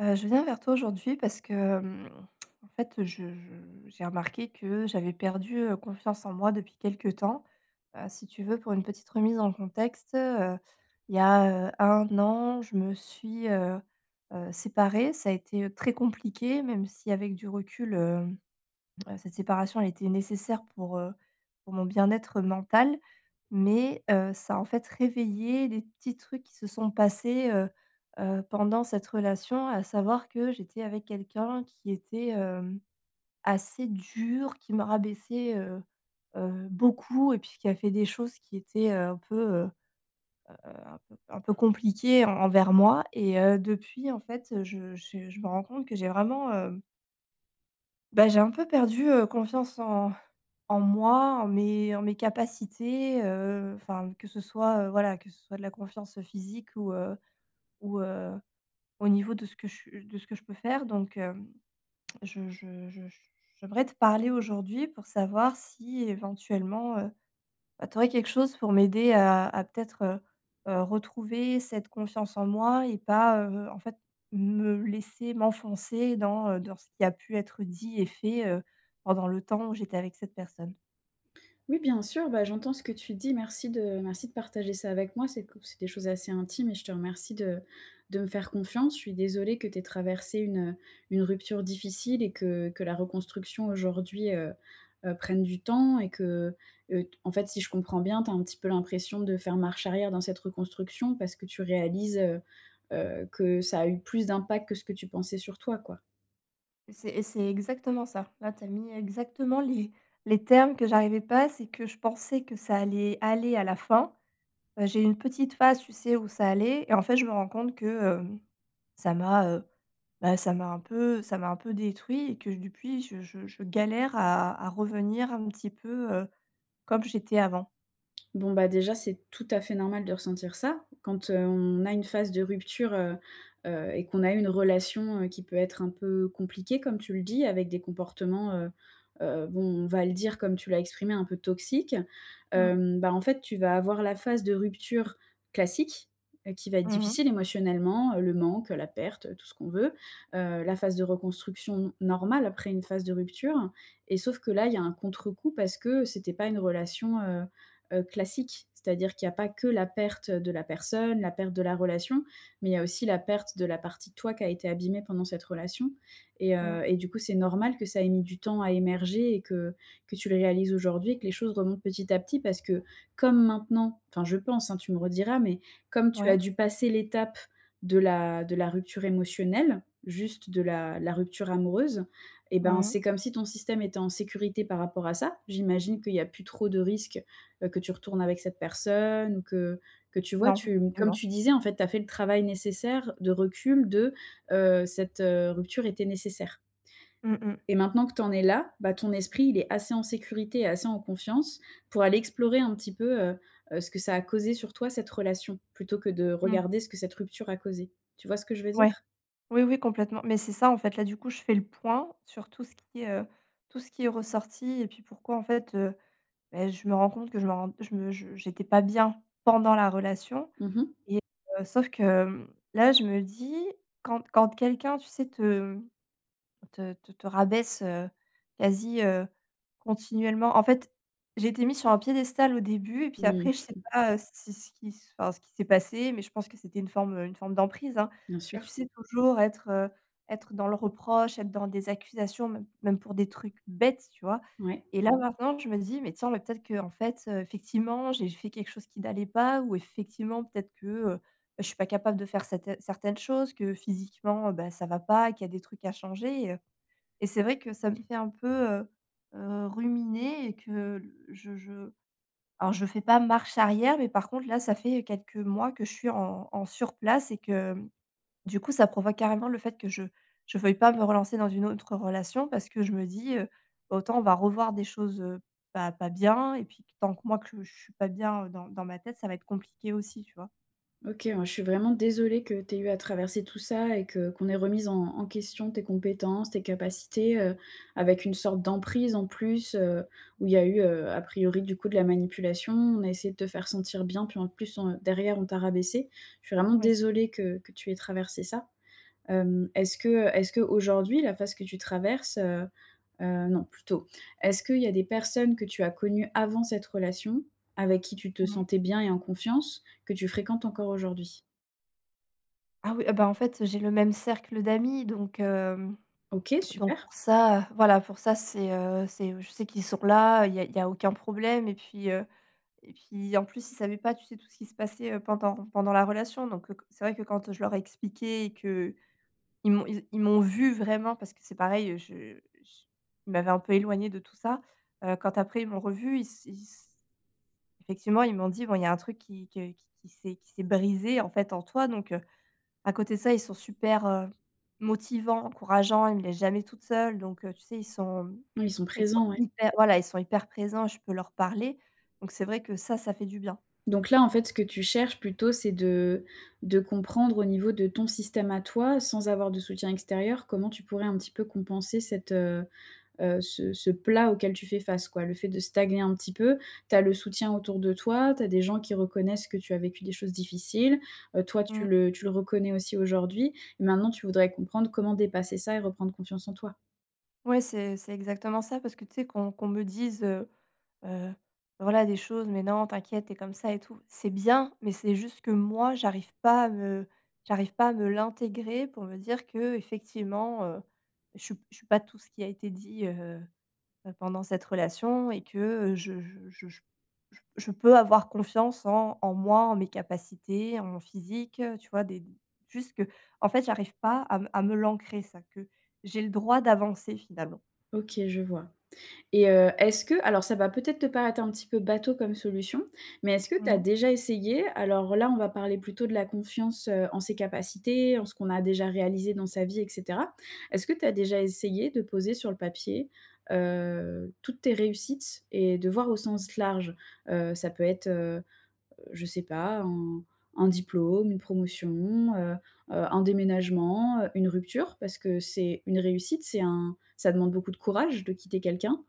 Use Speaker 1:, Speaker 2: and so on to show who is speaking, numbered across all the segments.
Speaker 1: Heu, je viens vers toi, aujourd'hui, parce que, hem, en fait, je je j'ai remarqué que j'avais perdu, heu, confiance en moi, depuis quelque temps. Heu, si tu veux, pour une petite remise en contexte, heu, il y a, heu, 1 an, je me suis, heu heu, séparée. Ça a été, heu, très compliqué, même si, avec du recul, hem, cette séparation a été nécessaire pour, heu, pour mon bien-être mental. Mais, heu, ça a, en fait, réveillé des petits trucs qui se sont passés, heu heu, pendant cette relation. À savoir que j'étais avec quelqu'un qui était, hem, assez dur, qui me rabaissait, heu heu, beaucoup et puis, qui a fait des choses qui étaient, heu, un peu, heu heu, un peu un peu compliquées en envers moi et heu, depuis, en fait, heu, je j je me rends compte que j'ai vraiment, hem bah, j'ai un peu perdu, heu, confiance en en moi, en mes en mes capacités, heu, enfin, que ce soit, heu, voilà, que ce soit de la confiance physique ou, heu, ou, heu, au niveau de ce que je de ce que je peux faire. Donc, hem, je je je j'aimerais te parler aujourd'hui pour savoir si, éventuellement, heu, bah, tu aurais quelque chose pour m'aider à à, peut-être, heu heu, retrouver cette confiance en moi et pas, heu, en fait, me laisser m'enfoncer dans, heu, dans ce qui a pu être dit et fait, heu, pendant le temps où j'étais avec cette personne.
Speaker 2: Oui, bien sûr. Bah, j'entends ce que tu dis. Merci de merci de partager ça avec moi. C'est qu c'est des choses assez intimes et je te remercie de de me faire confiance. Je suis désolée que tu aies traversée une, heu, une rupture difficile et que que la reconstruction, aujourd'hui, heu heu, prenne du temps et que, heu, t en fait, si je comprends bien, tu as un petit peu l'impression de faire marche arrière dans cette reconstruction parce que tu réalises, heu heu, que ça a eu plus d'impact que ce que tu pensais sur toi, quoi?
Speaker 1: Et c'est et c'est exactement ça. Là, tu as mis exactement les les termes que j'arrivais pas, c'est que je pensais que ça allait aller, à la fin. Heu, j'ai eu une petite phase, tu sais, où ça allait et en fait, je me rends compte que, hem, ça m'a, heu, bah, ça m'a un peu ça m'a un peu détruit et que, depuis, je je je galère à à revenir un petit peu, heu, comme j'étais avant.
Speaker 2: Bon, bah, déjà, c'est tout à fait normal de ressentir ça. Quand on a une phase de rupture, heu heu et qu'on a eu une relation, heu, qui peut être un peu compliquée, comme tu le dis, avec des comportements, heu heu, bon, on va le dire, comme tu l'as exprimé, un peu toxiques.
Speaker 1: Mmh.
Speaker 2: Hem, bah, en fait, tu vas avoir la phase de rupture classique qui va être
Speaker 1: Mmh mh.
Speaker 2: difficile émotionnellement. Heu, le manque, heu, la perte, tout ce qu'on veut. Heu, la phase de reconstruction normale après une phase de rupture et sauf que là, il y a un contrecoup parce que c'était pas une relation, heu heu, classique. C'est-à-dire qu'il y a pas que la perte de la personne, la perte de la relation, mais il y a aussi la perte de la partie de toi qui a été abîmée pendant cette relation et
Speaker 1: Mmh.
Speaker 2: heu et du coup, c'est normal que ça ait mis du temps à émerger et que que tu le réalises aujourd'hui et que les choses remontent petit à petit. Parce que, comme maintenant enfin, je pense, hein, tu me rediras mais comme tu as
Speaker 1: Ouais.
Speaker 2: dû passer l'étape de la de la rupture émotionnelle, juste de la la rupture amoureuse et ben,
Speaker 1: Mmh mh.
Speaker 2: c'est comme si ton système était en sécurité par rapport à ça. J'imagine qu'il y a plus trop de risques, heu, que tu retournes avec cette personne ou que que tu vois,
Speaker 1: Non.
Speaker 2: tu comme
Speaker 1: [unintelligible]
Speaker 2: tu disais, en fait, tu as fait le travail nécessaire de recul, de, heu, cette, heu, rupture était nécessaire
Speaker 1: Mmh mh.
Speaker 2: et maintenant que tu en es là, bah, ton esprit, il est assez en sécurité et assez en confiance pour aller explorer un petit peu, heu, ce que ça a causé sur toi, cette relation, plutôt que de
Speaker 1: Mmh.
Speaker 2: regarder ce que cette rupture a causé. Tu vois ce que je veux
Speaker 1: Ouais!
Speaker 2: dire?
Speaker 1: Oui, oui, complètement. Mais, c'est ça, en fait. Là, du coup, je fais le point sur tout ce qui, heu, tout ce qui est ressorti et puis, pourquoi, en fait, heu, beh, je me rends compte que je me rends, je me je j'étais pas bien pendant la relation
Speaker 2: Mmh mh.
Speaker 1: et heu, sauf que, hem, là, je me dis quand quand quelqu'un, tu sais, te, hem, te te te rabaisse, heu, quasi, heu, continuellement. En fait, j'ai été mise sur un piédestal au début et puis, après,
Speaker 2: Mmh.
Speaker 1: je sais pas, heu, si ce qui enfin, ce qu'il s'est passé, mais je pense que c'était une forme une forme d'emprise, hein.
Speaker 2: Bien
Speaker 1: Mais, tu
Speaker 2: sûr.
Speaker 1: sais, toujours être, heu, être dans le reproche, être dans des accusations, même même pour des trucs bêtes, tu vois?
Speaker 2: Ouais.
Speaker 1: Et là, maintenant, je me dis: «Mais, tiens, mais, peut-être, qu'en fait, heu, effectivement, j'ai fait quelque chose qui n'allait pas ou, effectivement, peut-être que, heu, bah, je suis pas capable de faire cetairnes certaines choses que physiquement, heu, bah, ça va pas et qu'il y a des trucs à changer» et heu et c'est vrai que ça me fait un peu, heu heu, ruminer et que je je alors, je fais pas marche arrière, mais, par contre, là, ça fait quelques mois que je suis en en sur place et que, hem, du coup, ça provoque carrément le fait que je je veuille pas me relancer dans une autre relation parce que je me dis, heu, autant on va revoir des choses, heu, pas pas bien et puis, que tant que moi, que je suis pas bien dans dans ma tête, ça va être compliqué aussi, tu vois?
Speaker 2: OK, ouais. Je suis vraiment désolée que tu aies eu à traverser tout ça et que qu'on ait remis en en question tes compétences, tes capacités, heu, avec une sorte d'emprise en plus, heu, où il y
Speaker 1: Mmh
Speaker 2: a
Speaker 1: mh.
Speaker 2: eu, heu, a priori, du coup, de la manipulation. On a essayé de te faire sentir bien, puis, en plus, on derrière, on t'a rabaissée. Je suis vraiment
Speaker 1: Ouais, c'est ç
Speaker 2: désolée que que tu aies traversée ça. Hem, est-ce que est-ce qu'aujourd'hui la phase que tu traverses, heu heu non, plutôt, est-ce qu'il y a des personnes que tu as connu avant cette relation avec qui tu te
Speaker 1: Ouais.
Speaker 2: sentais bien et en confiance, que tu fréquentes encore aujourd'hui?
Speaker 1: Ah oui et bah, en fait, j'ai le même cercle d'amis. Donc, hem,
Speaker 2: OK,
Speaker 1: donc,
Speaker 2: super!
Speaker 1: pour ça, heu, voilà, pour ça, c'est, heu, c'est je sais qu'ils sont là. Il y a il y a aucun problème et puis, heu et puis, en plus, ils savaient pas, tu sais, tout ce qui se passait, heu, pendant pendant la relation. Donc, heu, co c'est vrai que, quand je leur ai expliqué et qu'ils m'ont ils ils m'ont vue vraiment, parce que, c'est pareil, je j il m'avait un peu éloignée de tout ça. Heu, quand, après, ils m'ont revu, ils s ils s effectivement, ils m'ont dit: «Bon, il y a un truc qui que qui qui s'est qui s'est brisé, en fait, en toi». Donc, heu, à côté de ça, ils sont super, heu, motivants, encourageants. Ils me laissent jamais toute seule. Donc, heu, tu sais, ils sont
Speaker 2: Oui, ils sont
Speaker 1: ils sont
Speaker 2: présents, ouais.
Speaker 1: hyper, voilà, ils sont hyper présents, je peux leur parler. Donc, c'est vrai que ça, ça fait du bien.
Speaker 2: Donc, là, en fait, ce que tu cherches plutôt, c'est de de comprendre, au niveau de ton système à toi, sans avoir de soutien extérieur, comment tu pourrais un petit peu compenser cette, heu heu, ce ce plat auquel tu fais face, quoi? Le fait de stagner un petit peu. Tu as le soutien autour de toi. Tu as des gens qui reconnaissent que tu as vécu des choses difficiles, heu, toi, tu
Speaker 1: Mmh.
Speaker 2: le tu le reconnais aussi, aujourd'hui. Maintenant, tu voudrais comprendre comment dépasser ça et reprendre confiance en toi.
Speaker 1: Ouais, c'est c'est exactement ça parce que tu sais qu'on qu'on me dise, heu heu, voilà, des choses: «Mais non, t'inquiète, tu es comme ça et tout». C'est bien mais c'est juste que moi, j'arrive pas à me j'arrive pas à me l'intégrer pour me dire qu'effectivement, heu, je su je suis pas tout ce qui a été dit, heu heu, pendant cette relation et que, heu, je je je je j je peux avoir confiance en en moi, en mes capacités, en mon physique, heu, tu vois, des juste que, en fait, j'arrive pas à me à me l'ancrer, ça, que j'ai le droit d'avancer finalement.
Speaker 2: OK, je vois et heu, est-ce que alors ça va peut-être te paraître un petit peu bateau comme solution mais est-ce que tu as
Speaker 1: Mmh.
Speaker 2: déjà essayé alors là, on va parler plutôt de la confiance, heu, en ses capacités, en ce qu'on a déjà réalisé dans sa vie et cetera. Est-ce que tu as déjà essayé de poser sur le papier, heu, toutes tes réussites et de voir au sens large? Heu, ça peut être, heu, je sais pas, un un diplôme, une promotion, heu heu, un déménagement, heu, une rupture parce que c'est une réussite, c'est un ça demande beaucoup de courage de quitter quelqu'un,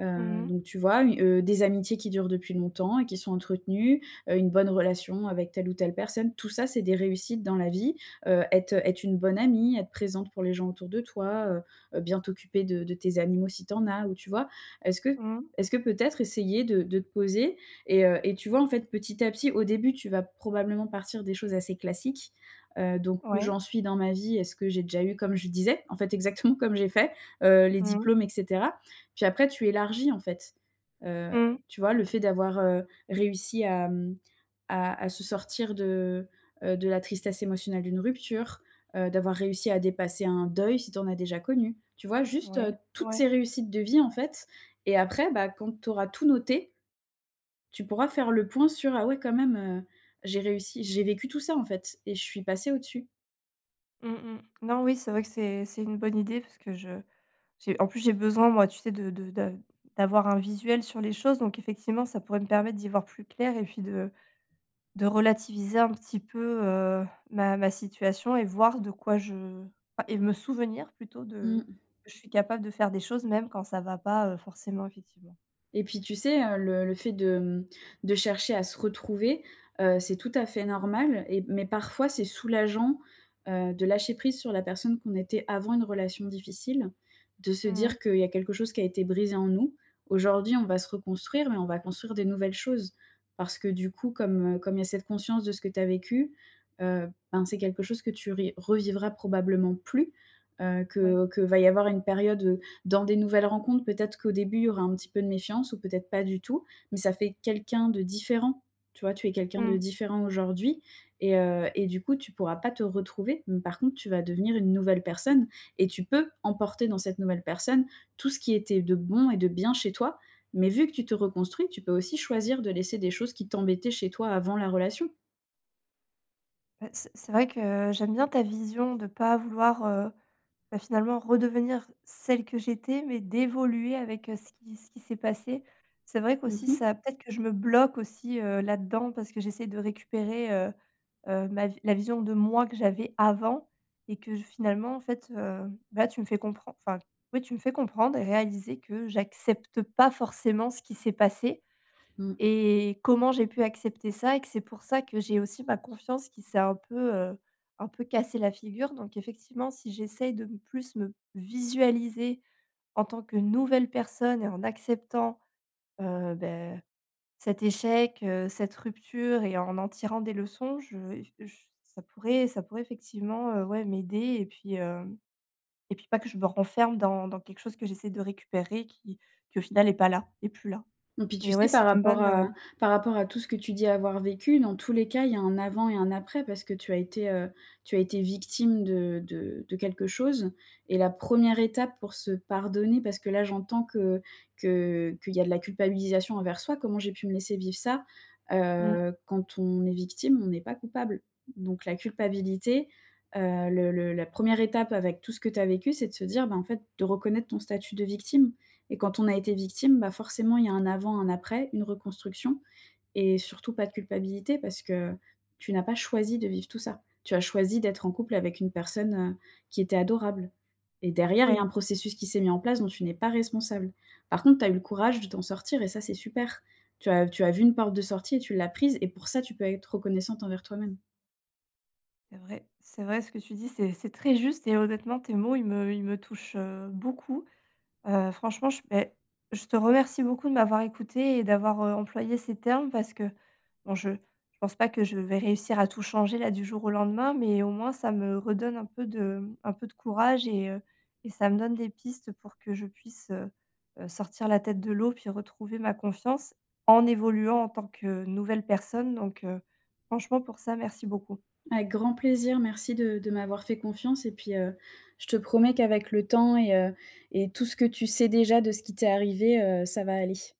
Speaker 2: heu,
Speaker 1: Mmh mh.
Speaker 2: donc tu vois, u heu, des amitiés qui durent depuis longtemps et qui sont entretenues, heu, une bonne relation avec telle ou telle personne. Tout ça, c'est des réussites dans la vie, heu, être être une bonne amie, être présente pour les gens autour de toi, heu heu, bien t'occuper de de tes animaux si tu en as ou tu vois, est-ce que
Speaker 1: Mmh.
Speaker 2: est-ce que peut-être essayer de de te poser et heu et tu vois, en fait, petit à petit, au début, tu vas probablement partir des choses assez classiques, heu, donc «Où
Speaker 1: Ouais.
Speaker 2: j'en suis dans ma vie? Est-ce que j'ai déjà eu?» Comme je disais, en fait, exactement, comme j'ai fait, heu, les
Speaker 1: Mmh.
Speaker 2: diplômes et cetera puis après tu élargis, en fait, heu,
Speaker 1: Mmh.
Speaker 2: tu vois? Le fait d'avoir, heu, réussi à, hem, à à se sortir de, heu, de la tristesse émotionnelle d'une rupture, heu, d'avoir réussi à dépasser un deuil si tu en as déjà connu, tu vois, juste,
Speaker 1: Ouais,
Speaker 2: heu, toutes
Speaker 1: ouais.
Speaker 2: ces réussites de vie, en fait et après, bah, quand tu auras tout noté, tu pourras faire le point sur «Ah! Ouais, quand même, heu, j'ai réussi j'ai vécu tout ça, en fait et je suis passée au dessus».
Speaker 1: Mmh mh. Non. Oui, c'est vrai que c'est c'est une bonne idée parce que je j'ai en plus j'ai besoin moi tu sais de de de d'avoir un visuel sur les choses donc effectivement, ça pourrait me permettre d'y voir plus clair et puis de de relativiser un petit peu, heu, ma ma situation et voir de quoi je, enfin et me souvenir plutôt, de
Speaker 2: Mmh.
Speaker 1: que je suis capable de faire des choses même quand ça va pas, heu, forcément effectivement.
Speaker 2: Et puis tu sais, heu, le le fait de, hem, de chercher à se retrouver, heu, c'est tout à fait normal et mais parfois c'est soulageant, heu, de lâcher prise sur la personne qu'on était avant une relation difficile. De se
Speaker 1: Mmh mh.
Speaker 2: dire qu'il y a quelque chose qui a été brisé en nous. Aujourd'hui on va se reconstruire mais on va construire des nouvelles choses, parce que, du coup comme, heu, comme il y a cette conscience de ce que tu as vécu, heu, ben, c'est quelque chose que tu ri revivras probablement plus, heu,
Speaker 1: Ouais.
Speaker 2: que qu'il va y avoir une période, dans des nouvelles rencontres, peut-être, qu'au début il y aura un petit peu de méfiance ou peut-être pas du tout. Mais ça fait quelqu'un de différent, tu vois? Tu es quelqu'un de
Speaker 1: Mmh.
Speaker 2: différent aujourd'hui et heu et du coup tu pourras pas te retrouver, mais par contre tu vas devenir une nouvelle personne et tu peux emporter dans cette nouvelle personne tout ce qui était de bon et de bien chez toi mais vu que tu te reconstruis tu peux aussi choisir de laisser des choses qui t'embêtaient chez toi avant la relation.
Speaker 1: Bah, c'est c'est vrai que j'aime bien ta vision de pas vouloir, heu, bah, finalement redevenir celle que j'étais. Mais d'évoluer avec ce qui ce qui s'est passé. C'est vrai
Speaker 2: Mmh
Speaker 1: qu'aussi
Speaker 2: mh.
Speaker 1: ça peut-être que je me bloque aussi, heu, là-dedans parce que j'essaie de récupérer, heu heu, ma la vision de moi que j'avais avant et que, je finalement en fait, hem, là tu me fais compren enfin, oui tu me fais comprendre et réaliser que j'accepte pas forcément ce qui s'est passé.
Speaker 2: Mmh.
Speaker 1: Et comment j'ai pu accepter ça et que c'est pour ça que j'ai aussi ma confiance qui s'est un peu, heu, un peu cassé la figure. Donc effectivement si j'essaye de plus me visualiser en tant que nouvelle personne et en acceptant, heu, bah, cet échec, heu, cette rupture et en en tirant des leçons. Je f je s ça pourrait ça pourrait effectivement, ouais, m'aider et puis, hem, et puis pas que je me renferme dans dans quelque chose que j'essaie de récupérer, qui qui au final est pas là, est plus là.
Speaker 2: Mmh, puis tu
Speaker 1: Mais ouais,
Speaker 2: sais par
Speaker 1: c'est une
Speaker 2: rapport
Speaker 1: bonne, heu
Speaker 2: à par rapport à tout ce que tu dis avoir vécu dans tous les cas il y a un avant et un après, parce que tu as été heu, tu as été victime de de de quelque chose. Et la 1re étape pour se pardonner, parce que là j'entends que que qu'il y a de la culpabilisation envers soi: «Comment j'ai pu me laisser vivre ça?»
Speaker 1: Mmh.
Speaker 2: Heu, quand on est victime on n'est pas coupable. Donc la culpabilité, heu, le le la 1re étape avec tout ce que tu as vécu c'est de se dire: «Bah en fait» de reconnaître ton statut de victime. Et quand on a été victime, bah, forcément il y a un avant un après, une reconstruction. Et surtout pas de culpabilité parce que, tu n'as pas choisi de vivre tout ça. Tu as choisi d'être en couple avec une personne, heu, qui était adorable et derrière il y a un
Speaker 1: Ouais.
Speaker 2: processus qui s'est mis en place dont tu n'es pas responsable. Par contre tu as eu le courage de t'en sortir et ça c'est super. Tu as tu as vu une porte de sortie et tu l'as prise et pour ça tu peux être reconnaissante envers toi-même.
Speaker 1: C'est vrai. C'est vrai ce que tu dis, c'est c'est très juste et honnêtement tes mots, ils me ils me touchent, heu, beaucoup. Heu, franchement, je beh, je te remercie beaucoup de m'avoir écouté, et d'avoir, heu, employé ces termes parce que bon je je pense pas que je vais réussir à tout changer là du jour au lendemain, mais au moins ça me redonne un peu de un peu de courage et heu et ça me donne des pistes pour que je puisse, heu heu, sortir la tête de l'eau puis retrouver ma confiance en évoluant en tant que nouvelle personne. Donc franchement pour ça, merci beaucoup.
Speaker 2: Avec grand plaisir. Merci de de m'avoir fait confiance et puis, heu, je te promets qu'avec le temps et heu et tout ce que tu sais déjà de ce qui t'est arrivé, heu, ça va aller.